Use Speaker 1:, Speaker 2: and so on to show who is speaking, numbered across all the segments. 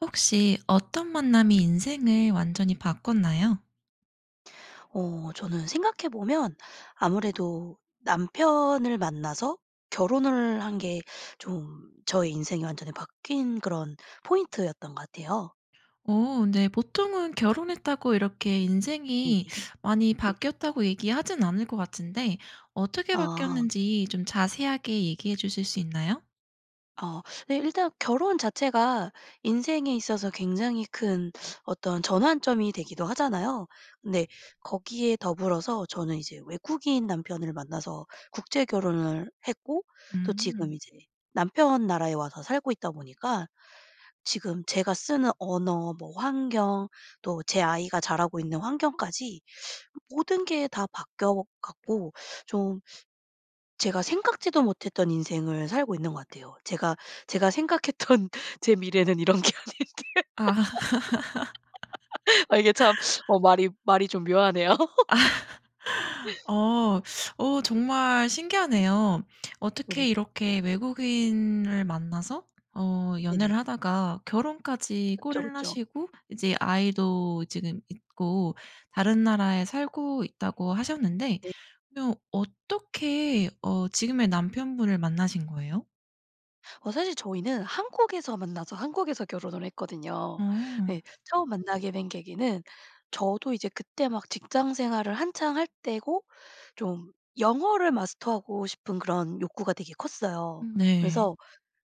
Speaker 1: 혹시 어떤 만남이 인생을 완전히 바꿨나요?
Speaker 2: 어 저는 생각해보면 아무래도 남편을 만나서 결혼을 한 게 좀 저의 인생이 완전히 바뀐 그런 포인트였던 것 같아요.
Speaker 1: 어 네. 보통은 결혼했다고 이렇게
Speaker 2: 네.
Speaker 1: 인생이 많이
Speaker 2: 네.
Speaker 1: 바뀌었다고 얘기하진 않을 것 같은데 어떻게
Speaker 2: 아.
Speaker 1: 바뀌었는지 좀 자세하게 얘기해 주실 수 있나요?
Speaker 2: 아 네 일단 결혼 자체가 인생에 있어서 굉장히 큰 어떤 전환점이 되기도 하잖아요. 근데 거기에 더불어서 저는 이제 외국인 남편을 만나서 국제 결혼을 했고 또 지금
Speaker 1: 음.
Speaker 2: 이제 남편 나라에 와서 살고 있다 보니까 지금 제가 쓰는 언어 뭐 환경 또 제 아이가 자라고 있는 환경까지 모든 게 다 바뀌어 갖고 좀 제가 생각지도 못했던 인생을 살고 있는 것 같아요. 제가 제가 생각했던 제 미래는 이런 게 아닌데.
Speaker 1: 아.
Speaker 2: 아 이게 참 어 말이 말이 좀 묘하네요.
Speaker 1: 아 어. 어 정말 신기하네요.
Speaker 2: 어네.
Speaker 1: 어떻게 이렇게 외국인을 만나서 어 연애를
Speaker 2: 네네.
Speaker 1: 하다가 결혼까지
Speaker 2: 그쵸
Speaker 1: 골인을
Speaker 2: 그쵸.
Speaker 1: 하시고 이제 아이도 지금 있고 다른 나라에 살고 있다고 하셨는데
Speaker 2: 네.
Speaker 1: 그러면 어떻게 어 지금의 남편분을 만나신 거예요?
Speaker 2: 어 사실 저희는 한국에서 만나서 한국에서 결혼을 했거든요.
Speaker 1: 음.
Speaker 2: 네 처음 만나게 된 계기는 저도 이제 그때 막 직장 생활을 한창 할 때고 좀 영어를 마스터하고 싶은 그런 욕구가 되게 컸어요.
Speaker 1: 음. 네.
Speaker 2: 그래서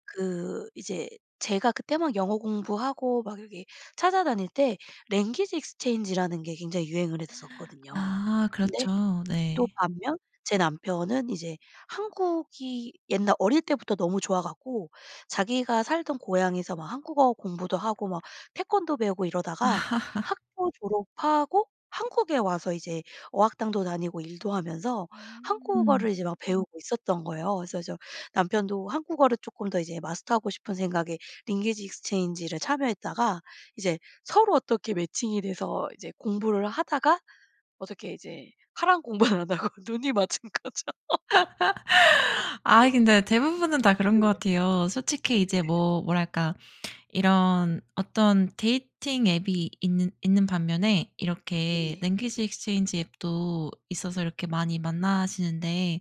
Speaker 2: 그 이제 제가 그때 막 영어 공부하고 막 이렇게 찾아다닐 때 랭귀지 익스체인지 라는 게 굉장히 유행을 했었거든요.
Speaker 1: 아.
Speaker 2: 근데
Speaker 1: 그렇죠.
Speaker 2: 또
Speaker 1: 네.
Speaker 2: 반면 제 남편은 이제 한국이 옛날 어릴 때부터 너무 좋아 갖고 자기가 살던 고향에서 막 한국어 공부도 하고 막 태권도 배우고 이러다가 학교 졸업하고 한국에 와서 이제 어학당도 다니고 일도 하면서
Speaker 1: 음.
Speaker 2: 한국어를 이제 막 배우고 있었던 거예요. 그래서 저 남편도 한국어를 쪼끔 더 이제 마스터하고 싶은 생각에 랭귀지 익스체인지를 참여했다가 이제 서로 어떻게 매칭이 돼서 이제 공부를 하다가 어떻게 이제 하라는 공부는 안 하고 눈이 맞은 거죠.
Speaker 1: 아이 근데 대부분은 다 그런 것
Speaker 2: 네.
Speaker 1: 같아요. 솔직히 이제
Speaker 2: 네네.
Speaker 1: 뭐 뭐랄까 이런 어떤 데이팅 앱이 있는 있는 반면에 이렇게
Speaker 2: 네.
Speaker 1: 랭귀지 익스체인지 앱도 있어서 이렇게 많이 만나시는데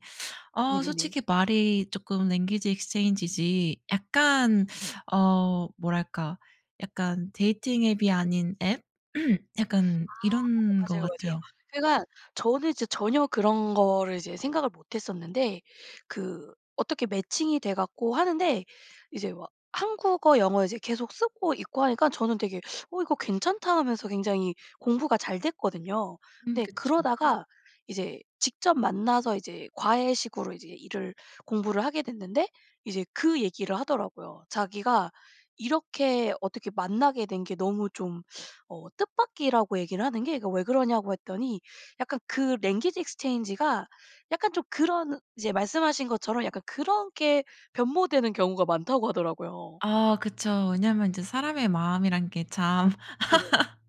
Speaker 1: 어
Speaker 2: 네네네.
Speaker 1: 솔직히 말이 쪼끔 랭귀지 익스체인지 지 약간 어 뭐랄까 약간 데이팅 앱이 아닌 앱 약간
Speaker 2: 아.
Speaker 1: 이런
Speaker 2: 맞아.
Speaker 1: 것
Speaker 2: 맞아요, 맞아요.
Speaker 1: 같아요.
Speaker 2: 제가 저는 이제 전혀 그런 거를 이제 생각을 못 했었는데 그 어떻게 매칭이 돼 갖고 하는데 이제 막 한국어, 영어 이제 계속 쓰고 있고 하니까 저는 되게 '어 이거 괜찮다.' 하면서 굉장히 공부가 잘 됐거든요.
Speaker 1: 음.
Speaker 2: 근데
Speaker 1: 그쵸.
Speaker 2: 그러다가 이제 직접 만나서 이제 과외식으로 이제 일을 공부를 하게 됐는데 이제 그 얘기를 하더라고요. 자기가 이렇게 어떻게 만나게 된 게 너무 좀 어 뜻밖이라고 얘기를 하는 게 그 왜 그러냐고 했더니 약간 그 랭귀지 익스체인지가 약간 좀 그런 이제 말씀하신 것처럼 약간 그렇게 변모되는 경우가 많다고 하더라고요.
Speaker 1: 아. 그쵸. 왜냐하면 이제
Speaker 2: 네.
Speaker 1: 사람의 마음이란 게 참
Speaker 2: 네네네.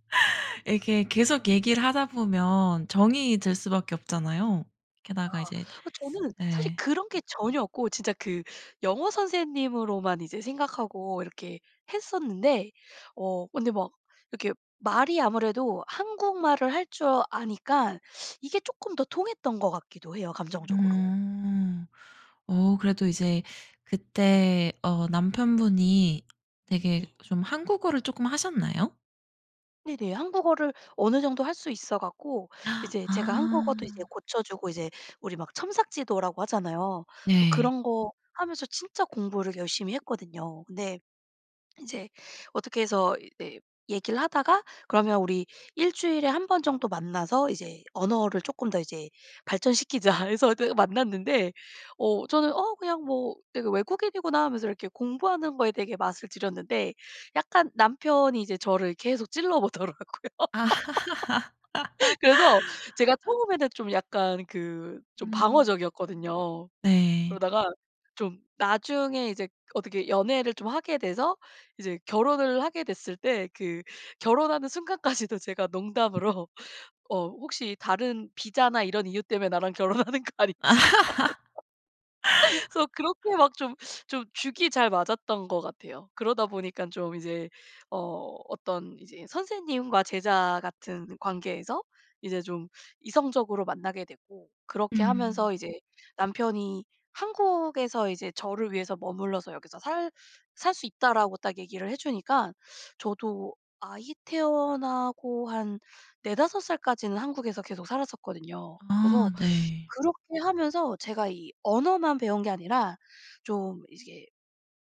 Speaker 1: 이렇게 계속 얘기를 하다 보면 정이
Speaker 2: 네.
Speaker 1: 들 수밖에 없잖아요. 게다가
Speaker 2: 아.
Speaker 1: 이제
Speaker 2: 그 저는 사실
Speaker 1: 예.
Speaker 2: 그런 게 전혀 없고 진짜 그 영어 선생님으로만 이제 생각하고 이렇게 했었는데 어 근데 막 이렇게 말이 아무래도 한국말을 할 줄 아니까 이게 쪼끔 더 통했던 것 같기도 해요 감정적으로.
Speaker 1: 음. 어 그래도 이제
Speaker 2: 네.
Speaker 1: 그때 어 남편분이 되게
Speaker 2: 네.
Speaker 1: 좀 한국어를 쪼끔 하셨나요?
Speaker 2: 네네. 한국어를 어느 정도 할 수 있어 갖고, 이제 제가 한국어도 이제
Speaker 1: 아.
Speaker 2: 고쳐 주고 이제 우리 막 첨삭지도라고 하잖아요. 그래서
Speaker 1: 네.
Speaker 2: 그런 거 하면서 진짜 공부를 열심히 했거든요. 근데 인제 어떻게 해서 이 네 얘기를 하다가 그러면 우리 1 주일에 1 번 정도 만나서 이제 언어를 조금 더 이제 발전시키자 해서 어떻게 만났는데 어 저는 어 그냥 뭐 되게 '외국인이구나.' 하면서 이렇게 공부하는 거에 되게 맛을 들였는데 약간 남편이 이제 저를 계속 찔러 보더라고요. 그래서 제가 처음에는 좀 약간 그 좀
Speaker 1: 음.
Speaker 2: 방어적이었거든요.
Speaker 1: 네.
Speaker 2: 그러다가 좀 나중에 이제 어떻게 연애를 좀 하게 돼서 이제 결혼을 하게 됐을 때 그 결혼하는 순간까지도 제가 농담으로 어 "혹시 다른 비자나 이런 이유 때문에 나랑 결혼하는 거 아니지?" 하면서 "그래서 그렇게 막 좀 좀 죽이 잘 맞았던 거 같아요. 그러다 보니까 좀 이제 어 어떤 이제 선생님과 제자 같은 관계에서 이제 좀 이성적으로 만나게 되고 그렇게
Speaker 1: 음.
Speaker 2: 하면서 이제 남편이 한국에서 이제 저를 위해서 "머물러서 여기서 살 살 수 있다."라고 딱 얘기를 해주니까 저도 아이 태어나고 한 4-5 살까지는 한국에서 계속 살았었거든요. 그래서
Speaker 1: 아. 네.
Speaker 2: 그렇게 하면서 제가 이 언어만 배운 게 아니라 좀 이게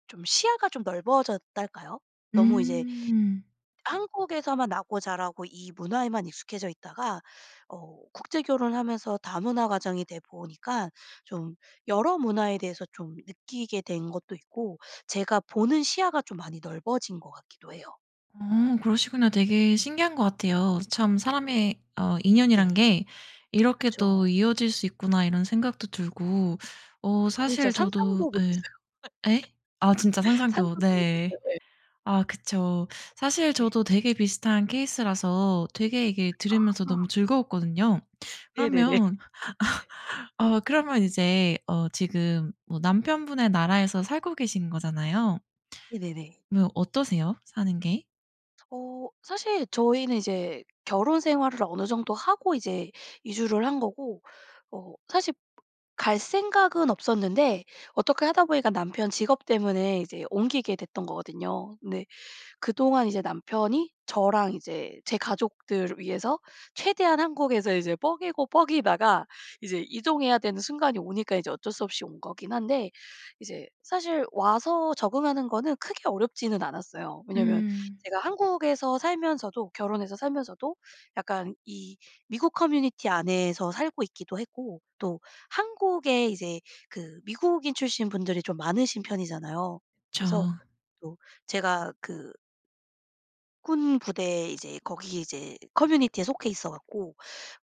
Speaker 2: 좀 시야가 좀 넓어졌달까요? 너무 이제
Speaker 1: 음.
Speaker 2: 한국에서만 나고 자라고 이 문화에만 익숙해져 있다가 어 국제 결혼을 하면서 다문화 가정이 돼보니까 좀 여러 문화에 대해서 좀 느끼게 된 것도 있고 제가 보는 시야가 좀 많이 넓어진 거 같기도 해요.
Speaker 1: 어. 그러시구나. 되게 신기한 거 같아요. '참 사람의 어 인연이라는
Speaker 2: 네.
Speaker 1: 게 이렇게 또
Speaker 2: 그쵸.
Speaker 1: 이어질 수 있구나.' 이런 생각도 들고 어
Speaker 2: 저는 진짜
Speaker 1: 사실 저도
Speaker 2: 상상도
Speaker 1: 예.
Speaker 2: 못했어요.
Speaker 1: 예? 아 진짜 상상도
Speaker 2: 상상도
Speaker 1: 네.
Speaker 2: 못했어요. 예.
Speaker 1: 아 그쵸. 사실
Speaker 2: 네.
Speaker 1: 저도 되게 비슷한 케이스라서 되게 이게 들으면서 너무
Speaker 2: 아하.
Speaker 1: 즐거웠거든요.
Speaker 2: 네네네.
Speaker 1: 그러면 아. 그러면 이제 어 지금 뭐 남편분의 나라에서 살고 계신 거잖아요.
Speaker 2: 네네네.
Speaker 1: 뭐 어떠세요 사는 게?
Speaker 2: 어. 사실 저희는 이제 결혼 생활을 어느 정도 하고 이제 이주를 한 거고 어 사실 갈 생각은 없었는데 어떻게 하다 보니까 남편 직업 때문에 이제 옮기게 됐던 거거든요. 근데 그동안 이제 남편이 저랑 이제 제 가족들을 위해서 최대한 한국에서 이제 뻐기고 뻐기다가 이제 이동해야 되는 순간이 오니까 이제 어쩔 수 없이 온 거긴 한데 이제 사실 와서 적응하는 거는 크게 어렵지는 않았어요. 왜냐하면
Speaker 1: 음.
Speaker 2: 제가 한국에서 살면서도 결혼해서 살면서도 약간 이 미국 커뮤니티 안에서 살고 있기도 했고 또 한국에 이제 그 미국인 출신 분들이 좀 많으신 편이잖아요.
Speaker 1: 그쵸.
Speaker 2: 그래서 또 제가 그 군부대 이제 거기 이제 커뮤니티에 속해 있어 갖고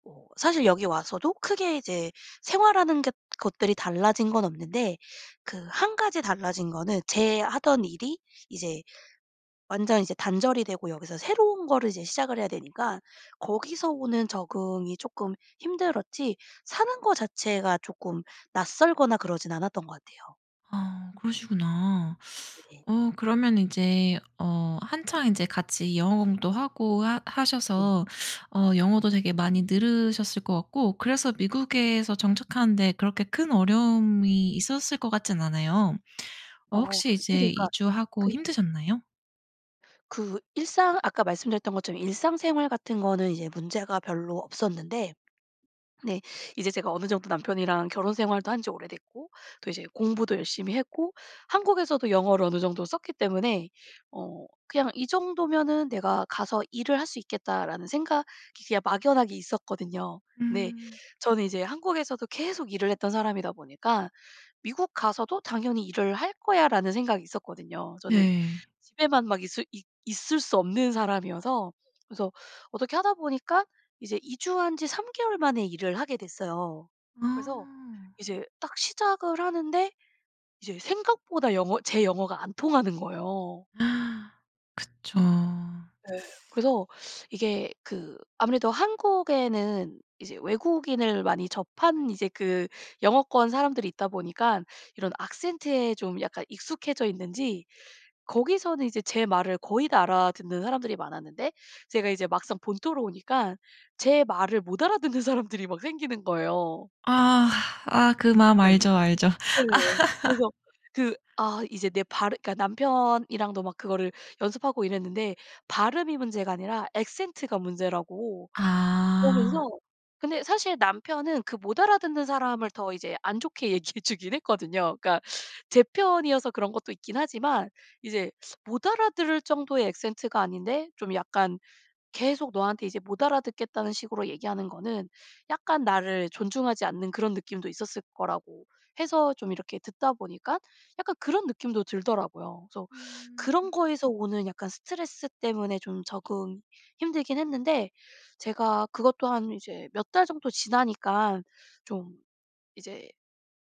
Speaker 2: 뭐 사실 여기 와서도 크게 이제 생활하는 것 것들이 달라진 건 없는데 그 1 가지 달라진 거는 제 하던 일이 이제 완전 이제 단절이 되고 여기서 새로운 거를 이제 시작을 해야 되니까 거기서 오는 적응이 쪼끔 힘들었지 사는 거 자체가 쪼끔 낯설거나 그러진 않았던 것 같아요.
Speaker 1: 아 그러시구나.
Speaker 2: 네네.
Speaker 1: 어 그러면 이제 어 한창 인제 같이 영어 공부도 하고 하
Speaker 2: 음.
Speaker 1: 하셔서 어 영어도 되게 많이 늘으셨을 것 같고 그래서 미국에서 정착하는 데 그렇게 큰 어려움이 있었을 것 같진 않아요. 어
Speaker 2: 어
Speaker 1: 혹시
Speaker 2: 이게
Speaker 1: 이제
Speaker 2: 그니까
Speaker 1: 이주하고
Speaker 2: 그냥
Speaker 1: 힘드셨나요?
Speaker 2: 그 일상 아까 말씀드렸던 것처럼 일상생활 같은 거는 이제 문제가 별로 없었는데 네 이제 제가 어느 정도 남편이랑 결혼생활도 한 지 오래됐고 또 이제 공부도 열심히 했고 한국에서도 영어를 어느 정도 썼기 때문에 어 그냥 '이 정도면은 내가 가서 일을 할 수 있겠다.'라는 생각이 그냥 막연하게 있었거든요. 네.
Speaker 1: 음.
Speaker 2: 저는 이제 한국에서도 계속 일을 했던 사람이다 보니까 '미국 가서도 당연히 일을 할 거야.'라는 생각이 있었거든요. 저는
Speaker 1: 네.
Speaker 2: 집에만 막 있을 있 있을 수 없는 사람이어서. 그래서 어떻게 하다 보니까 이제 이주한 지 3 개월 만에 일을 하게 됐어요. 그래서
Speaker 1: 아.
Speaker 2: 이제 딱 시작을 하는데 이제 생각보다 영어 제 영어가 안 통하는 거예요.
Speaker 1: 그쵸.
Speaker 2: 네. 그래서 이게 그 아무래도 한국에는 이제 외국인을 많이 접한 이제 그 영어권 사람들이 있다 보니깐 이런 악센트에 좀 약간 익숙해져 있는지 거기서는 이제 제 말을 거의 다 알아듣는 사람들이 많았는데 제가 이제 막상 본토로 오니까 제 말을 못 알아듣는 사람들이 막 생기는 거예요.
Speaker 1: 아. 아 그 마음
Speaker 2: 네.
Speaker 1: 알죠. 알죠.
Speaker 2: 네. 그래서 그 아 이제 내 발음 그러니까 남편이랑도 막 그거를 연습하고 이랬는데 발음이 문제가 아니라 악센트가 문제라고 그러면서
Speaker 1: 아.
Speaker 2: 근데 사실 남편은 그 못 알아듣는 사람을 더 이제 안 좋게 얘기해 주긴 했거든요. 그러니까 제 편이어서 그런 것도 있긴 하지만 이제 못 알아들을 정도의 악센트가 아닌데 좀 약간 계속 너한테 이제 못 알아듣겠다는 식으로 얘기 하는거는 약간 나를 존중하지 않는 그런 느낌도 있었을 거라고 해서 좀 이렇게 듣다 보니까 약간 그런 느낌도 들더라구요. 그래서
Speaker 1: 음.
Speaker 2: 그런 거에서 오는 약간 스트레스 때문에 좀 적응이 힘들긴 했는데 제가 그것도 한 이제 몇 달 정도 지나니까 좀 이제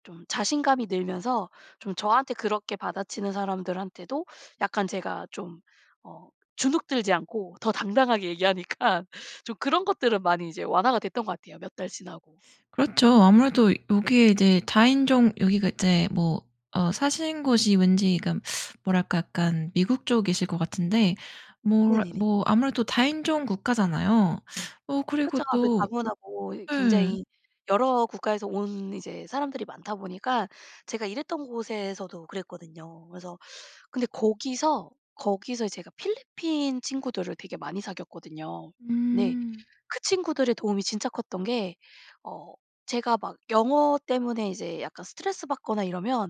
Speaker 2: 좀 자신감이 늘면서 좀 저한테 그렇게 받아치는 사람들한테도 약간 제가 좀 어 주눅 들지 않고 더 당당하게 얘기하니까 좀 그런 것들은 많이 이제 완화가 됐던 것 같아요. 몇 달 지나고.
Speaker 1: 그렇죠. 아무래도
Speaker 2: 네.
Speaker 1: 여기에 이제 다인종 여기가 이제 뭐 어 사시는 곳이 왠지 그 뭐랄까 약간 미국 쪽이실 것 같은데 뭐
Speaker 2: 네네네.
Speaker 1: 뭐 아무래도 다인종 국가잖아요. 어 그리고
Speaker 2: 그렇죠. 아무래도
Speaker 1: 또
Speaker 2: 다문화고 이
Speaker 1: 예.
Speaker 2: 굉장히 여러 국가에서 온 이제 사람들이 많다 보니까 제가 일했던 곳에서도 그랬거든요. 그래서 근데 거기서, 거기서 제가 필리핀 친구들을 되게 많이 사귀었거든요. 네.
Speaker 1: 응.
Speaker 2: 그 친구들의 도움이 진짜 컸던 게 어 제가 막 영어 때문에 이제 약간 스트레스 받거나 이러면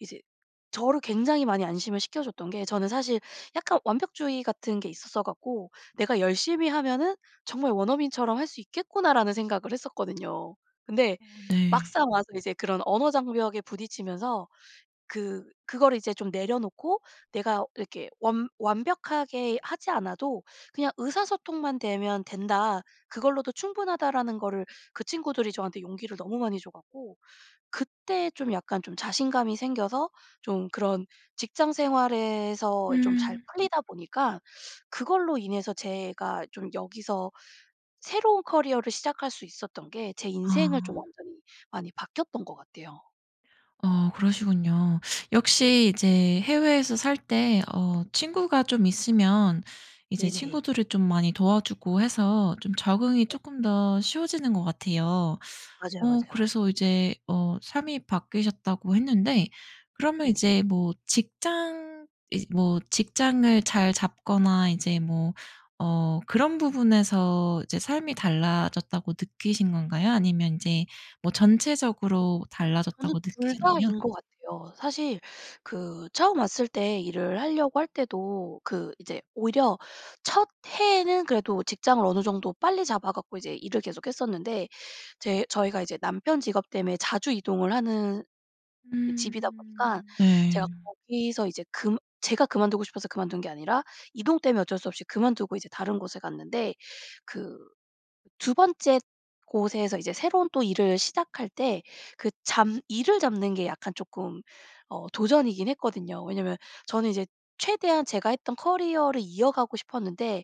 Speaker 2: 이제 저를 굉장히 많이 안심을 시켜줬던 게 저는 사실 약간 완벽주의 같은 게 있었어 갖고 '내가 열심히 하면은 정말 원어민처럼 할 수 있겠구나.'라는 생각을 했었거든요. 근데
Speaker 1: 어 네.
Speaker 2: 막상 와서 이제 그런 언어 장벽에 부딪히면서 그 그거를 이제 좀 내려놓고 '내가 이렇게 완 완벽하게 하지 않아도 그냥 의사소통만 되면 된다. 그걸로도 충분하다.'라는 거를 그 친구들이 저한테 용기를 너무 많이 줘 갖고 그때 좀 약간 좀 자신감이 생겨서 좀 그런 직장생활에서 좀 잘
Speaker 1: 음.
Speaker 2: 풀리다 보니까 그걸로 인해서 제가 좀 여기서 새로운 커리어를 시작할 수 있었던 게 제 인생을 좀
Speaker 1: 아.
Speaker 2: 완전히 많이 바뀌었던 것 같아요.
Speaker 1: 아 그러시군요.
Speaker 2: 네.
Speaker 1: 역시 이제 해외에서 살 때 어 친구가 좀 있으면 이제
Speaker 2: 네네.
Speaker 1: 친구들이 좀 많이 도와주고 해서 좀
Speaker 2: 그죠.
Speaker 1: 적응이
Speaker 2: 네.
Speaker 1: 쪼끔 더 쉬워지는 것 같아요.
Speaker 2: 맞아요,
Speaker 1: 어
Speaker 2: 맞아요.
Speaker 1: 그래서 이제 어 삶이 바뀌셨다고 했는데 그러면
Speaker 2: 네.
Speaker 1: 이제 뭐 직장 이제 뭐 직장을 잘 잡거나 이제 뭐 어 그런 부분에서 이제 '삶이 달라졌다.'고 느끼신 건가요? 아니면 인제 뭐
Speaker 2: 음.
Speaker 1: 전체적으로
Speaker 2: 저는
Speaker 1: 달라졌다고
Speaker 2: 2
Speaker 1: 느끼셨나요?
Speaker 2: 다인 것 같아요. 사실 그 처음 왔을 때 일을 하려고 할 때도 그 이제 오히려 첫 해에는 그래도 직장을 어느 정도 빨리 잡아 갖고 이제 일을 계속 했었는데 제 저희가 이제 남편 직업 때문에 자주 이동을 하는 이 집이다 보니까
Speaker 1: 음
Speaker 2: 제가
Speaker 1: 네.
Speaker 2: 거기서 이제 금 제가 그만두고 싶어서 그만둔 게 아니라 이동 때문에 어쩔 수 없이 그만두고 이제 다른 곳에 갔는데 그 2 번째 곳에서 이제 새로운 또 일을 시작할 때 그 잡 일을 잡는 게 약간 쪼끔 어 도전이긴 했거든요. 왜냐하면 저는 이제 최대한 제가 했던 커리어를 이어가고 싶었는데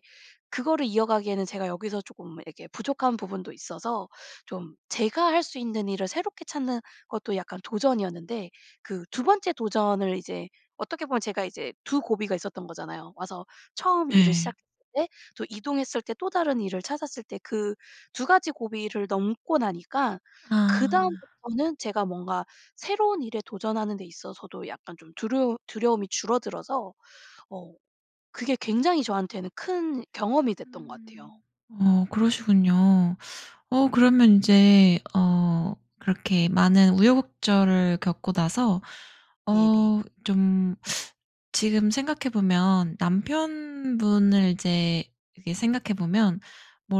Speaker 2: 그거를 이어가기에는 제가 여기서 쪼끔 이렇게 부족한 부분도 있어서 좀 제가 할 수 있는 일을 새롭게 찾는 것도 약간 도전이었는데 그 2 번째 도전을 이제 어떻게 보면 제가 이제 2 고비가 있었던 거잖아요. 와서 처음 일을
Speaker 1: 예.
Speaker 2: 시작 때 또 이동했을 때 또 다른 일을 찾았을 때 그 2 가지 고비를 넘고 나니까
Speaker 1: 아.
Speaker 2: 그다음부터는 제가 뭔가 새로운 일에 도전하는 데 있어서도 약간 좀 두루움 두려움이 줄어들어서 어 그게 굉장히 저한테는 큰 경험이 됐던 것 같아요.
Speaker 1: 음. 어 그러시군요. 어 그러면 인제 어 그렇게 많은 우여곡절을 겪고 나서
Speaker 2: 네네.
Speaker 1: 어 좀 지금 생각해 보면 남편분을 이제 이렇게 생각해 보면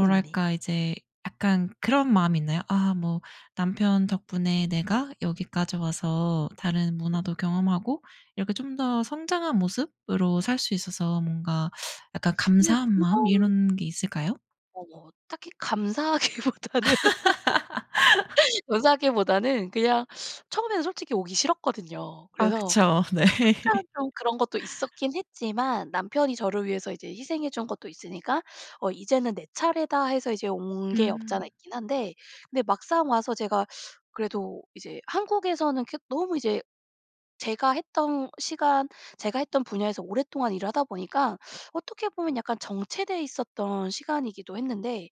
Speaker 2: 네네네.
Speaker 1: 이제 약간 그런 마음이 있나요? 아 뭐 남편 덕분에 내가 여기까지 와서 다른 문화도 경험하고 이렇게 좀 더 성장한 모습으로 살 수 있어서 뭔가 약간
Speaker 2: 네.
Speaker 1: 감사한 마음
Speaker 2: 그런
Speaker 1: 이런 게 있을까요?
Speaker 2: 어 뭐 딱히 감사하기보다는 감사하기보다는 그냥 처음에는 솔직히 오기 싫었거든요.
Speaker 1: 아
Speaker 2: 그래서
Speaker 1: 그쵸. 네.
Speaker 2: 약간 좀 그런 것도 있었긴 했지만 남편이 저를 위해서 이제 희생해 준 것도 있으니까 '어 이제는 내 차례다.' 해서 이제 온 게 없지 않아
Speaker 1: 음.
Speaker 2: 있긴 한데 근데 막상 와서 제가 그래도 이제 한국에서는 그 너무 이제 제가 했던 시간 제가 했던 분야에서 오랫동안 일을 하다 보니까 어떻게 보면 약간 정체돼 있었던 시간이기도 했는데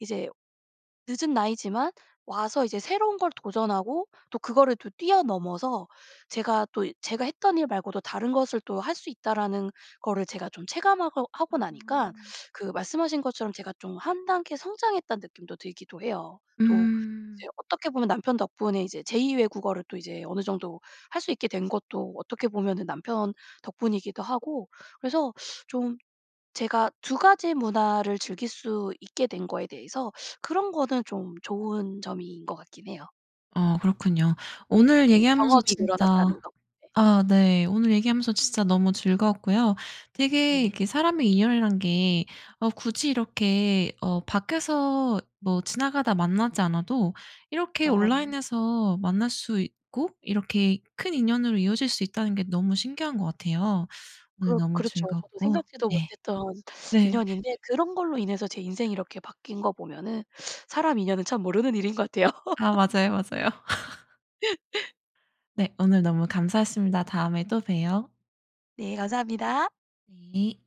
Speaker 2: 이제 늦은 나이지만 와서 이제 새로운 걸 도전하고 또 그거를 또 뛰어넘어서 제가 또 제가 했던 일 말고도 '다른 것을 또 할 수 있다.'라는 거를 제가 좀 체감하고 하고 나니까
Speaker 1: 아.
Speaker 2: 그 말씀하신 것처럼 제가 좀 1 단계 성장했다는 느낌도 들기도 해요. 또
Speaker 1: 음.
Speaker 2: 이제 어떻게 보면 남편 덕분에 이제 제2 외국어를 또 이제 어느 정도 할 수 있게 된 것도 어떻게 보면은 남편 덕분이기도 하고 그래서 좀 제가 2 가지 문화를 즐길 수 있게 된 거에 대해서 그런 거는 좀 좋은 점인 것 같긴 해요.
Speaker 1: 어 그렇군요. 오늘
Speaker 2: 네.
Speaker 1: 얘기하면서
Speaker 2: 경험이 늘어났다는
Speaker 1: 진짜
Speaker 2: 거. 네.
Speaker 1: 아 네 오늘 얘기하면서 진짜 너무 즐거웠고요. 되게
Speaker 2: 네네.
Speaker 1: 이렇게 사람의 인연이란 게 어 굳이 이렇게 어 밖에서 뭐 지나가다 만나지 않아도 이렇게
Speaker 2: 아 네.
Speaker 1: 온라인에서 만날 수 있고 이렇게 큰 인연으로 이어질 수 있다는 게 너무 신기한 것 같아요. 오늘
Speaker 2: 그렇
Speaker 1: 너무
Speaker 2: 그렇죠. 저도
Speaker 1: 즐거웠고
Speaker 2: 생각지도
Speaker 1: 네.
Speaker 2: 못했던
Speaker 1: 네.
Speaker 2: 인연인데 그런 걸로 인해서 제 인생이 이렇게 바뀐 거 보면은 사람 인연은 참 모르는 일인 것 같아요.
Speaker 1: 아 맞아요, 맞아요. 네. 오늘 너무 감사했습니다. 다음에 또 봬요.
Speaker 2: 네. 감사합니다.
Speaker 1: 네.